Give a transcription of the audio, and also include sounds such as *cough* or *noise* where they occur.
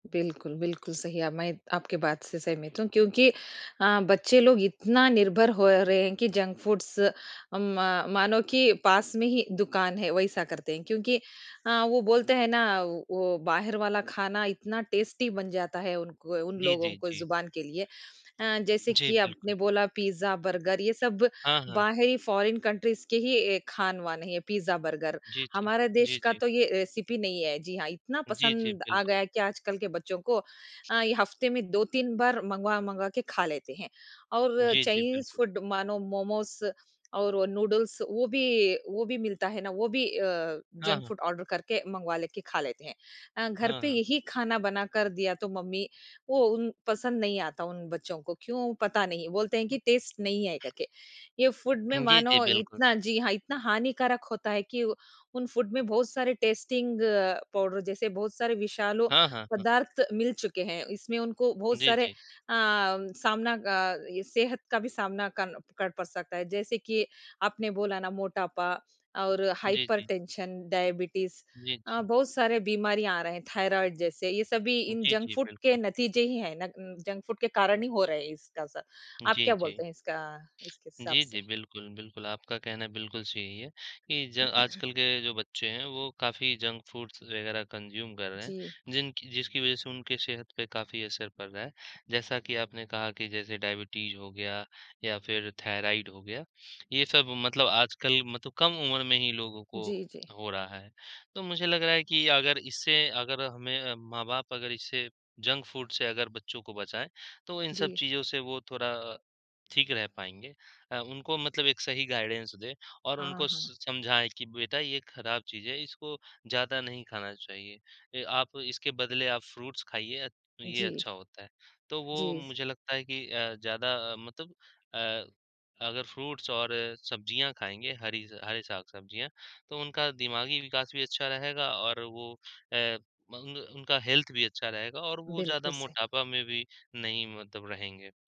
बिल्कुल, बिल्कुल, सही है अब मैं आपके बात से सहमत हूँ क्योंकि अ, बच्चे लोग इतना निर्भर हो रहे हैं कि जंक फूड्स अ, मा मानो कि पास में ही दुकान है, वैसा करते हैं, क्योंकि अ, वो बोलते हैं ना वो वो बाहिर वाला खाना इतना टेस्टी बन जाता है, उनको उन जी, लोगों जी, को जी। ज़ुबान के लिए। अ, जैसे जी, कि बिल्कुल। आपने बोला पिज़्ज़ा, बर्गर ये सब हाँ, हाँ। बाहरी फॉरेन कंट्रीज़ के ही ए, खान-वान है, पिज़्ज़ा, बर्गर। जी, जी, हमारे देश जी, का जी। तो ये रेसिपी नहीं है। जी हाँ, इतना जी, जी, पसंद आ बिल्कुल। गया है कि आजकल के बच्चों को अ, ये हफ्ते में 2-3 बार मँगवा-मँगवा के खा लेते हैं और जी, जी, चाइनीज बिल्कुल। फूड मानो मोमोस और वो नूडल्स वो भी वो भी मिलता है ना वो भी अ, हाँ, जंक हाँ। फूड ऑर्डर करके मँगवा लेके खा लेते हैं। अ, घर हाँ, पे हाँ। यही खाना बना कर दिया तो मम्मी वो उन पसंद नहीं आता, उन बच्चों को क्यों? पता नहीं, बोलते हैं कि टेस्ट नहीं है करके। ये फूड में हुँ, जी, जी, मानो बिल्कुल। इतना जी हाँ इतना हानिकारक होता है कि उन फूड में बहुत सारे टेस्टिंग पाउडर जैसे बहुत सारे विशालो हाँ, हाँ, हाँ। पदार्थ मिल चुके हैं। इसमें उनको बहुत जी, सारे अ, जी। सामना ग अ, सेहत का भी सामना कन क पड़ सकता है। जैसे कि आपने बोला ना मोटापा और जी, जी। हाइपरटेंशन, डायबिटीज़ जी, अ, जी। बहुत सारे बीमारियाँ आ रहे हैं, थायराइड जैसे, ये सभी इन जी, जंक जी, फूड के बिल्कुल। नतीजे ही हैं। नग जंक फूड के कारण ही हो रहे हैं इसका असर। आप जी, क्या जी। बोलते हैं इसका इसके हिसाब जी, से? जी, बिल्कुल, बिल्कुल आपका कहना बिल्कुल सही है कि ज *clears throat* आजकल के जो बच्चे हैं वो काफ़ी जंक फूड्स वगैरह कंज्यूम कर रहे हैं, जी। जिनकी जिसकी वजह से उनकी सेहत पे काफ़ी असर पड़ रहा है। जैसा कि आपने कहा कि जैसे डायबिटीज़ हो गया या फिर थायराइड हो गया, ये सब मतलब आजकल मतलब कम उम्र में ही लोगों को जी, जी। हो रहा है। तो मुझे लग रहा है कि अगर इससे अगर हमें अ, माँ-बाप अगर इससे जंक फूड से अगर बच्चों को बचाएँ, तो इन सब जी। चीज़ों से वो थोरा ठीक रह पाएँगे। अ, उनको मतलब एक सही गाइडेंस दें और हाँ, उनको हाँ। स समझाएँ कि बेटा ये ख़राब चीज़ है, इसको ज़्यादा नहीं खाना चाहिए। ए, आप इसके बदले आप फ्रूट्स खाइए ये जी। अच्छा होता है। तो वो जी। मुझे लगता है कि अ, ज़्यादा अ, मतलब अ, अगर फ्रूट्स और सब्जियाँ खाएँगे, हरी ज़ हरे साग-सब्जियाँ, तो उनका दिमागी विकास भी अच्छा रहेगा और वो अ, मंग उनका हेल्थ भी अच्छा रहेगा और वो ज़्यादा बिल्कुल सही। मोटापा में भी नहीं मतलब रहेंगे।